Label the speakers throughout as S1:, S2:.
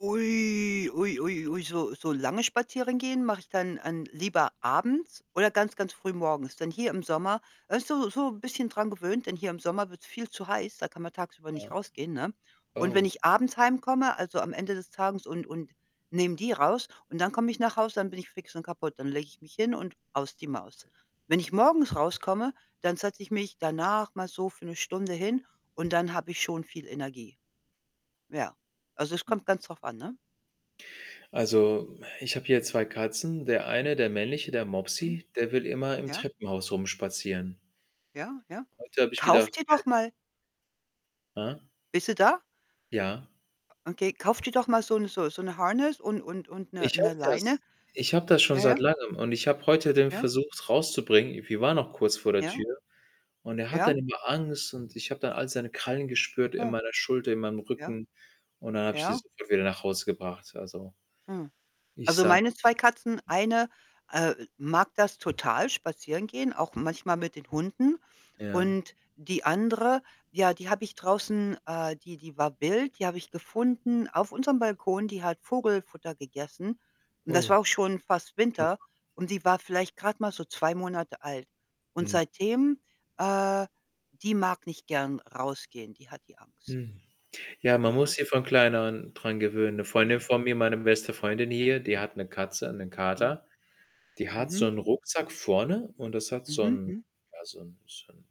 S1: Ui, ui, ui, ui, so so lange spazieren gehen mache ich dann an lieber abends oder ganz ganz früh morgens. Denn hier im Sommer, man ist so so bisschen dran gewöhnt, denn hier im Sommer wird's viel zu heiß, da kann man tagsüber nicht
S2: Ja,
S1: rausgehen, ne? Und wenn
S2: oh.
S1: ich abends heimkomme, also, am Ende des Tages und und nehme die raus und dann komme ich nach Hause, dann bin ich fix und kaputt. Dann lege ich mich hin und aus die Maus. Wenn ich morgens rauskomme, dann setze ich mich danach mal so für 'ne Stunde hin und dann habe ich schon viel Energie. Ja, also, es kommt
S2: Mhm.
S1: ganz drauf an, ne?
S2: Also, ich habe hier 2 Katzen. Der eine, der männliche, der
S1: Mhm.
S2: Mopsy, der will immer im
S1: Ja.
S2: Treppenhaus rumspazieren.
S1: Ja, ja.
S2: Heute habe ich
S1: Kauf
S2: gedacht
S1: dir doch
S2: [unintelligible]
S1: mal
S2: Ah.
S1: Bist du da?
S2: Ja.
S1: Okay, kauf dir doch mal so 'n so 'n so 'ne Harness und und und 'ne
S2: Ich
S1: 'ne
S2: habe
S1: Leine.
S2: das ich habe das schon
S1: Ja, ja.
S2: seit Langem und ich habe heute den
S1: Ja.
S2: versucht, rauszubringen. Wir waren noch kurz vor der
S1: Ja.
S2: Tür und er hat
S1: Ja.
S2: dann immer Angst und ich hab dann all seine Krallen gespürt in
S1: Ja.
S2: meiner Schulter, in meinem
S1: Ja,
S2: Rücken. Und dann habe ich die
S1: ja.
S2: sofort wieder nach Hause gebracht. Also
S1: Hm,
S2: ich
S1: also,
S2: sah
S1: meine 2 Katzen eine, äh, mag das total spazieren gehen, auch manchmal mit den Hunden.
S2: Ja.
S1: Und die andere, ja, die habe ich draußen äh, die die war wild, die habe ich gefunden auf unserem Balkon, die hat Vogelfutter gegessen und das
S2: Oh.
S1: war auch schon fast Winter
S2: [unintelligible]
S1: und die war vielleicht grad mal so 2 Monate alt. Und
S2: Hm.
S1: seitdem äh, die mag nicht gern rausgehen, die hat die Angst.
S2: Hm, ja, man muss
S1: Ne?
S2: sie von klein an dran gewöhnen. 'Ne Freundin
S1: Ja.
S2: von mir, meine beste Freundin
S1: Hm.
S2: hier, die hat 'ne Katze, 'nen
S1: Mhm.
S2: Kater. Die hat
S1: Mhm.
S2: so'nen Rucksack vorne und das hat so
S1: Mhm,
S2: 'n,
S1: hm.
S2: ja, so 'n so 'n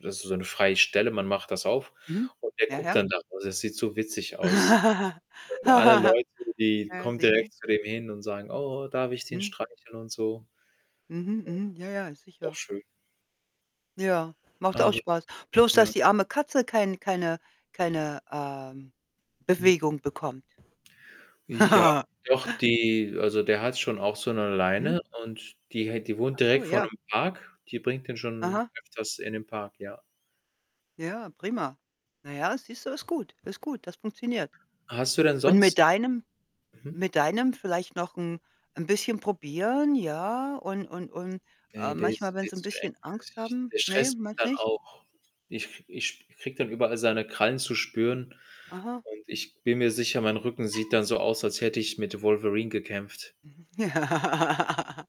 S2: das ist so 'ne freie Stelle. Man macht das auf und der
S1: Mhm.Ja,
S2: guckt
S1: ja.
S2: dann da raus. Das sieht so witzig aus. Alle Leute, die
S1: Ja,
S2: kommen
S1: sicher.
S2: direkt zu dem hin und sagen: „Oh, darf ich den
S1: Mhm.
S2: streicheln und so?“
S1: Mhm. Mhm, ja, ja
S2: Ja, auch
S1: sicher.
S2: schön.
S1: Ja, macht auch
S2: Aber,
S1: spaß. Bloß, dass
S2: ja.
S1: die arme Katze kein keine keine, ähm,
S2: Hm.
S1: Bewegung bekommt.
S2: Ja, doch die also der hat schon auch so 'ne
S1: Mhm.
S2: Leine und die he wohnt
S1: Ach so,
S2: direkt vor
S1: ja.
S2: nem' Park. Die bringt den schon
S1: Aha.
S2: öfters in den Park, ja.
S1: Ja, prima. Na ja, siehst du, ist gut. Ist gut, das funktioniert.
S2: Hast du denn
S1: Und mit
S2: sonst
S1: deinem
S2: mhm.
S1: mit deinem vielleicht noch 'n 'n bisschen Probieren, ja, und und und, äh,
S2: Ne, der ist
S1: manchmal, wenn
S2: viel
S1: sie 'n
S2: zu eng.
S1: bisschen Angst
S2: [unintelligible]
S1: haben
S2: der
S1: ne,
S2: stresst mich
S1: meinste
S2: dann
S1: nicht?
S2: auch. Ich ich sp kriege dann überall seine Krallen zu spüren
S1: Aha.
S2: und ich bin mir sicher, mein Rücken sieht dann so aus, als hätte ich mit Wolverine gekämpft.
S1: Mhm,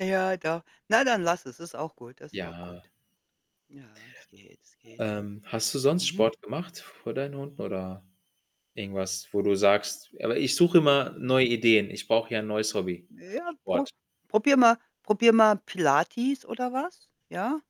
S1: ja, doch. Na, dann lass es. Ist auch gut das ist auch
S2: Ja.
S1: gut. Ja, es geht, es geht.
S2: Ähm, hast du sonst
S1: Mhm.
S2: Sport gemacht vor deinen Hunden oder irgendwas, wo du sagst aber ich suche immer
S1: Hm.
S2: neue Ideen. Ich brauche ja 'n neues Hobby, einen
S1: Ja, pro
S2: Sport.
S1: probier mal probier mal Pilates oder was, ja?